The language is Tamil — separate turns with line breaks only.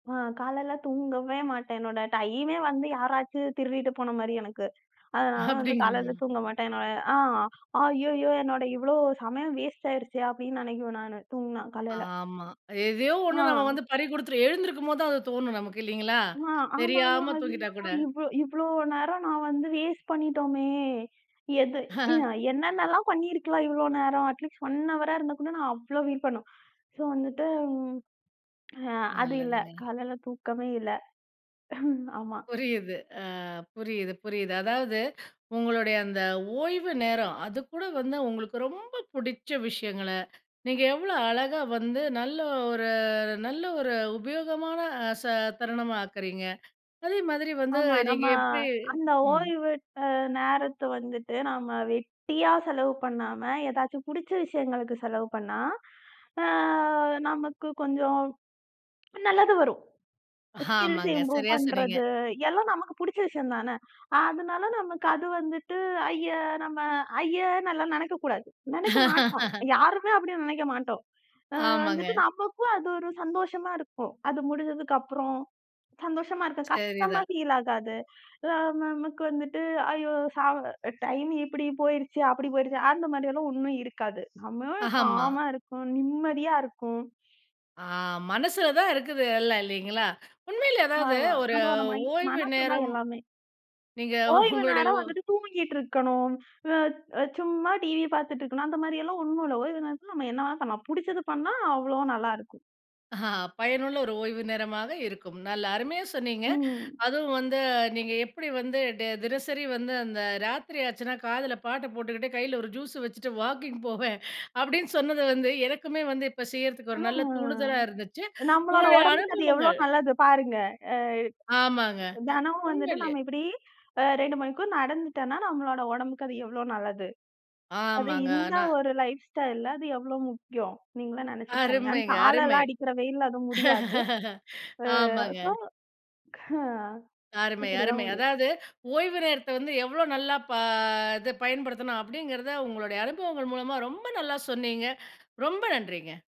அ காலைல தூங்கவே மாட்டேன். என்னோட டைமெ வந்து யாராச்சு திருடிட்டு போன மாரி எனக்கு. அதனால வந்து
அப்படிங்களா?
காலைல தூங்க மாட்டேன் நான் ய "ஆ, ஐய்யயோ! என்னோட இவ்ளோ சமயம் வேஸ்டாயிருச்சே!" அப்டின்னு நினைக்குவேன் நானு. தூங்குனா, காலைல.
ஆமா. எதையோ ஒண்ணு நாம
ஆ.
வந்து பறிகுடுத்துட்டோம். எழுந்திரிக்கும்போது தான் அது தோணும் நமக்கு இல்லிங்களா?
ஆ ஆமாமா!
தெரியாம தூங்கிட்டா
ஐய்யயோ!
கூட!
இவ்ளோ இவ்ளோ நேரம் நான் வந்து வேஸ்ட் பண்ணிட்டோமே! எது அ "என்னென்னால்லாம் பண்ணிருக்கலாம், இவ்ளோ நேரம்!" அட் லிஸ்ட் 1 அவரா இருந்தா கூட நான் அவ்ளோ ஃபில் பண்ணுவேன். ஸோ வந்துட்டு ம் அ அது இல்ல.
நல்லதுங்க.
காலைல தூக்கமே இல்ல. ஆமா.
புரியுது. அ புரியுது, புரியுது. அதாவது, உங்களோடய அந்த ஓய்வு நேரம், அது கூட வந்து உங்களுக்கு ரொம்ப புடிச்ச விஷயங்கள, நீங்க எவ்ளோ அழகா வந்து, நல்ல ஒரு நல்ல ஒரு உபயோகமான ச தருணமா ஆக்குறீங்க. அதே மாதிரி வந்து
ஆமா.
நீங்க
நம்ம
எப்படி
அந்த
ம்.
ஓய்வு அ நேரத்தை வந்துட்டு, நாம வெட்டியா செலவு பண்ணாம, ஏதாச்சும் புடிச்ச விஷயங்களுக்கு செலவு பண்ணா, அ நமக்குக் கொஞ்சம் நல்லது வரும். ஸ்கில்ஸ்
ஆமாங்க.
இம்ப்ரூவ்
சரியா சொன்னீங்க.
பண்றது எல்லாம் நமக்கு புடிச்ச விஷயம் தானே! அதனால
ம்.
நமக்கு அது வந்துட்டு, ஐய! நம்ம ஐய்யன்னுல்லாம் நெனைக்க கூடாது. நெனைக்க மாட்டோம். யாருமே அப்படி நெனைக்க மாட்டோம். அ வந்துட்டு
ஆமாங்க.
நமக்கும் அது ஒரு சந்தோஷமா இருக்கும். அது முடிஞ்சதுக்கு அப்புறம், சந்தோஷமா இருக்கும். கஷ்டமா
சரிதான்.
ஃபீல் ஆகாது. அ நமக்கு வந்துட்டு, "ஐயோ சா அ டைம் இப்படி போயிருச்சு, அப்படி போயிருச்சு" அந்த மாரி எல்லாம் ஒண்ணும் இருக்காது. [unintelligible]
ஆமா.
காமா இருக்கும். நிம்மதியா இருக்கும்.
ஆ, மனசுல தான் இருக்குது எல்லாம், இல்லீங்களா? உண்மையிலயே அதாவது
ஆமா.
ஒரு
நம்மளோட மை
ஓய்வு
மனசுதான்
நேரம்
எல்லாமே.
நீங்க
ஓய்வு
உங்களுடைய
நேரம்
ஓ
வந்துட்டு, தூங்கிட்டு இருக்கணும். அ சும்மா டிவி பாத்துட்டு இருக்கணும். அந்த மாரியெல்லாம் ஒண்ணும் இல்ல! ஓய்வு நேரத்துல நம்ம என்ன வேணா பண்ணலாம். புடிச்சதை பண்ணா, அவ்ளோ நல்லா இருக்கும்.
அ பயனுள்ள ஒரு ஓய்வு நேரமாக இருக்கும். நல்லா அருமையா சொன்னீங்க.
ம்.
அதுவும் வந்து, நீங்க எப்படி வந்து டே தினசரி வந்து, அந்த ராத்திரி ஆச்சுன்னா, காதுல பாட்ட போட்டுகிட்டு கைல ஒரு ஜூஸு வச்சிட்டு வாக்கிங் போவேன், அப்படின்னு சொன்னது வந்து, எனக்குமே வந்து செய்யறதுக்கு
அ
ஒரு நல்ல தூண்டுதலா இருந்துச்சு.
நம்பளோட
உங்களுடைய
ஒடம்புக்கு அது எவ்ளோ
அனுபவங்கள்
நல்லது, பாருங்க! அ
ஆமாங்க.
தெனம் வந்துட்டு
உண்மையிலயே
நம்ம இப்டி, அ 2 மணிக்கூறு நடந்துட்டோம்ன்னா, நம்மளோட ஒடம்புக்கு அது எவ்ளோ நல்லது? அது
ஆமாங்க.
இந்த
ஆனா
ஒரு லைஃப் ஸ்டைல்ல அது எவ்ளோ முக்கியம்? நீங்களே நெனைச்சு பாருங்க. அந்
அருமைங்க, அருமை.
தாழலாம் அடிக்கிற வெயில்ல அது முடியாது. அ
ஆமாங்க.
ஸோ ஹ்ஹ
அருமை,
இப்படி தான்
அருமை.
முடியும்.
அதாவது ஓய்வு நேரத்தை வந்து எவ்ளோ நல்லா ப இது பயன்படுத்தணும்? அப்படிங்கறத உங்களுடைய அனுபவங்கள் மூலமா ரொம்ப நல்லா சொன்னீங்க. ரொம்ப நன்றிங்க.